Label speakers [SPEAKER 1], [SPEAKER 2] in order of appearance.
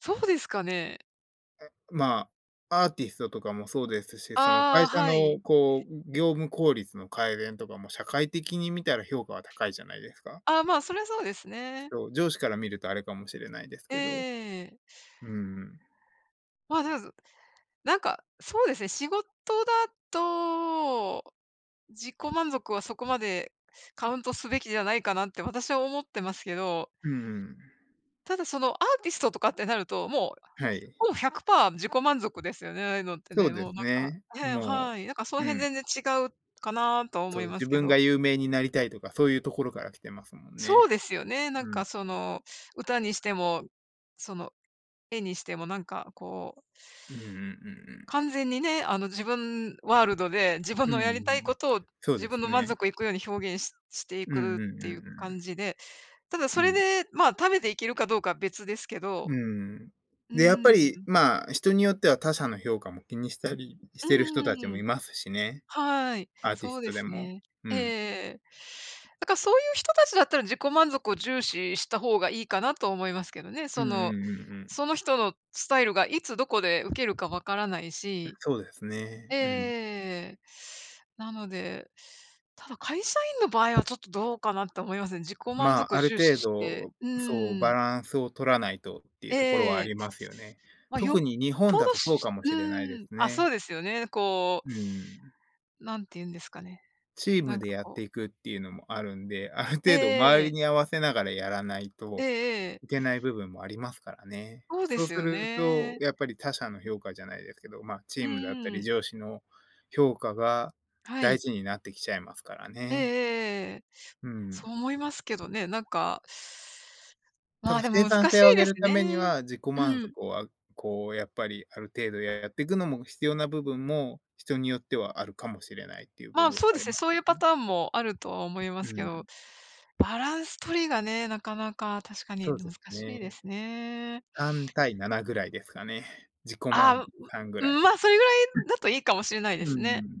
[SPEAKER 1] そうですかね？
[SPEAKER 2] え、まあ、アーティストとかもそうですし、その、
[SPEAKER 1] あ
[SPEAKER 2] 会
[SPEAKER 1] あ、
[SPEAKER 2] 社
[SPEAKER 1] はい。
[SPEAKER 2] のこう、う業務効率の改善とかも、社会的に見たら評価は高いじゃないですか？
[SPEAKER 1] ああ、まあ、そりゃそうですね。
[SPEAKER 2] そう、上司から見ると、あれかもしれないです
[SPEAKER 1] えええ
[SPEAKER 2] けど、う
[SPEAKER 1] えええええ。
[SPEAKER 2] ーん、うん。
[SPEAKER 1] ま、でず、何か、そうですね。仕事だと自己満足はそこまでカウントすべきじゃないかなって、私は思ってますけど
[SPEAKER 2] うん、うーん。
[SPEAKER 1] ただ、その、アーティストとかってなると、もう、
[SPEAKER 2] はい。
[SPEAKER 1] ほぼ100%自己満足ですよね、ああいうのって
[SPEAKER 2] そう
[SPEAKER 1] ね、
[SPEAKER 2] で
[SPEAKER 1] もう
[SPEAKER 2] す
[SPEAKER 1] 何か
[SPEAKER 2] ね、
[SPEAKER 1] ええ、
[SPEAKER 2] も
[SPEAKER 1] はい、何か、その
[SPEAKER 2] う、う
[SPEAKER 1] 辺、
[SPEAKER 2] ん。
[SPEAKER 1] 全然違うかなとは思
[SPEAKER 2] そう、
[SPEAKER 1] いま
[SPEAKER 2] 自
[SPEAKER 1] すけ
[SPEAKER 2] 分が
[SPEAKER 1] ど。
[SPEAKER 2] 有名になりたいとか、そういうところから来てますもん
[SPEAKER 1] そう
[SPEAKER 2] ね、
[SPEAKER 1] ですよね、何
[SPEAKER 2] う
[SPEAKER 1] か、
[SPEAKER 2] ん。
[SPEAKER 1] その歌にしても、その、絵にしても、何か、こう
[SPEAKER 2] うんうんうんうん。
[SPEAKER 1] 完全にね、あの、自分ワールドで、自分
[SPEAKER 2] う
[SPEAKER 1] のやりたい
[SPEAKER 2] ん、
[SPEAKER 1] 事を、
[SPEAKER 2] そう
[SPEAKER 1] 自
[SPEAKER 2] で
[SPEAKER 1] 分
[SPEAKER 2] す
[SPEAKER 1] の満
[SPEAKER 2] ね。
[SPEAKER 1] 足行くように、表現しして行
[SPEAKER 2] うん
[SPEAKER 1] く
[SPEAKER 2] う
[SPEAKER 1] っ
[SPEAKER 2] んうん
[SPEAKER 1] ていう
[SPEAKER 2] う
[SPEAKER 1] 感
[SPEAKER 2] ん。
[SPEAKER 1] じで、ただ、そ
[SPEAKER 2] う
[SPEAKER 1] れ
[SPEAKER 2] ん。
[SPEAKER 1] で、まあ、食べて行けるか、どうかは、別ですけど、
[SPEAKER 2] うん、
[SPEAKER 1] うー
[SPEAKER 2] で、やっ
[SPEAKER 1] ん、
[SPEAKER 2] ぱ
[SPEAKER 1] う
[SPEAKER 2] り、
[SPEAKER 1] ん。
[SPEAKER 2] ま、人によっては他者の評価も気にしたりし
[SPEAKER 1] うん
[SPEAKER 2] てる人
[SPEAKER 1] うんう
[SPEAKER 2] 達
[SPEAKER 1] んう
[SPEAKER 2] も
[SPEAKER 1] ん。
[SPEAKER 2] いますしね、
[SPEAKER 1] はい、
[SPEAKER 2] アーティ
[SPEAKER 1] そう
[SPEAKER 2] ス
[SPEAKER 1] で
[SPEAKER 2] トで
[SPEAKER 1] す
[SPEAKER 2] も。
[SPEAKER 1] ね。
[SPEAKER 2] う
[SPEAKER 1] えええ
[SPEAKER 2] ん。
[SPEAKER 1] えええ、だか、そういう人達だったら、自己満足を重視した方が、良いかなと思いますけどね、
[SPEAKER 2] う
[SPEAKER 1] そ
[SPEAKER 2] んうん
[SPEAKER 1] の、
[SPEAKER 2] うんうん。
[SPEAKER 1] その人のスタイルがいつどこで受けるか分からない
[SPEAKER 2] う
[SPEAKER 1] し。
[SPEAKER 2] そうです
[SPEAKER 1] え
[SPEAKER 2] ね、
[SPEAKER 1] ええええ
[SPEAKER 2] うん。
[SPEAKER 1] えええええ。なので、ただ、会社員の場合は、ちょっとどうかなと思いますね、自己満
[SPEAKER 2] ま、
[SPEAKER 1] 足を
[SPEAKER 2] ある
[SPEAKER 1] 重視
[SPEAKER 2] 程
[SPEAKER 1] して
[SPEAKER 2] 度、
[SPEAKER 1] う
[SPEAKER 2] そう、
[SPEAKER 1] ー
[SPEAKER 2] バ
[SPEAKER 1] ん。
[SPEAKER 2] ランスを取らないとっていう
[SPEAKER 1] えええ
[SPEAKER 2] ところは
[SPEAKER 1] ええ
[SPEAKER 2] あ
[SPEAKER 1] え。
[SPEAKER 2] りますよね。
[SPEAKER 1] まあ、よっ
[SPEAKER 2] 特に、日本
[SPEAKER 1] ぽ
[SPEAKER 2] だ
[SPEAKER 1] どし
[SPEAKER 2] とそう
[SPEAKER 1] し
[SPEAKER 2] かもしれないで
[SPEAKER 1] うん、
[SPEAKER 2] す
[SPEAKER 1] あ、そ
[SPEAKER 2] ね。
[SPEAKER 1] うですよね、こう
[SPEAKER 2] うーん。
[SPEAKER 1] 何て言うんですかね、
[SPEAKER 2] チーム
[SPEAKER 1] 何
[SPEAKER 2] で
[SPEAKER 1] か、
[SPEAKER 2] やっ
[SPEAKER 1] こう
[SPEAKER 2] て行くっていうのもあるんで、ある
[SPEAKER 1] ええ
[SPEAKER 2] 程度、周
[SPEAKER 1] え
[SPEAKER 2] り
[SPEAKER 1] え。
[SPEAKER 2] に合わせながらやらない
[SPEAKER 1] え
[SPEAKER 2] と
[SPEAKER 1] えええ。
[SPEAKER 2] いけない部分もありますからね。
[SPEAKER 1] ほうで
[SPEAKER 2] そう
[SPEAKER 1] す
[SPEAKER 2] す
[SPEAKER 1] よ
[SPEAKER 2] ると、
[SPEAKER 1] ね。
[SPEAKER 2] やっぱり、他者の評価じゃないですけど、ま、チ
[SPEAKER 1] う
[SPEAKER 2] ームだった
[SPEAKER 1] ー
[SPEAKER 2] り
[SPEAKER 1] ん。
[SPEAKER 2] 上司の評価が
[SPEAKER 1] は
[SPEAKER 2] 大
[SPEAKER 1] い。
[SPEAKER 2] 事になって来ちゃいますから
[SPEAKER 1] えええ
[SPEAKER 2] ね。
[SPEAKER 1] えええ、
[SPEAKER 2] うー
[SPEAKER 1] そ
[SPEAKER 2] ん。
[SPEAKER 1] う思いますけどね、何か
[SPEAKER 2] た
[SPEAKER 1] まあ、
[SPEAKER 2] だ、
[SPEAKER 1] で
[SPEAKER 2] 生
[SPEAKER 1] も、
[SPEAKER 2] 産
[SPEAKER 1] 難し
[SPEAKER 2] 性を上
[SPEAKER 1] いで
[SPEAKER 2] げ
[SPEAKER 1] す
[SPEAKER 2] る為に
[SPEAKER 1] ね、
[SPEAKER 2] は、自己
[SPEAKER 1] う
[SPEAKER 2] 満
[SPEAKER 1] ん。
[SPEAKER 2] 足をあこうやっぱり、ある程度ややってくのも、必要な部分も、人によってはあるかもしれないっていう部
[SPEAKER 1] ま、
[SPEAKER 2] 分
[SPEAKER 1] そう
[SPEAKER 2] あ
[SPEAKER 1] で
[SPEAKER 2] り
[SPEAKER 1] すね、
[SPEAKER 2] ます
[SPEAKER 1] そう
[SPEAKER 2] け
[SPEAKER 1] 言う
[SPEAKER 2] ど
[SPEAKER 1] パ
[SPEAKER 2] ね。
[SPEAKER 1] ターンも、あるとは思います
[SPEAKER 2] う
[SPEAKER 1] けど、
[SPEAKER 2] ん。
[SPEAKER 1] バランス取りがね、中々、確かに、
[SPEAKER 2] そう
[SPEAKER 1] ぬ
[SPEAKER 2] で
[SPEAKER 1] 難
[SPEAKER 2] す
[SPEAKER 1] し
[SPEAKER 2] ね、
[SPEAKER 1] いですね。
[SPEAKER 2] 3:7ぐらいですかね、自己
[SPEAKER 1] あ
[SPEAKER 2] 満
[SPEAKER 1] あ、う
[SPEAKER 2] 3ぐ
[SPEAKER 1] う
[SPEAKER 2] らい。は
[SPEAKER 1] ん、
[SPEAKER 2] い。
[SPEAKER 1] まあ、それぐらいだと、良いかもしれないで
[SPEAKER 2] う
[SPEAKER 1] すね。
[SPEAKER 2] ーん。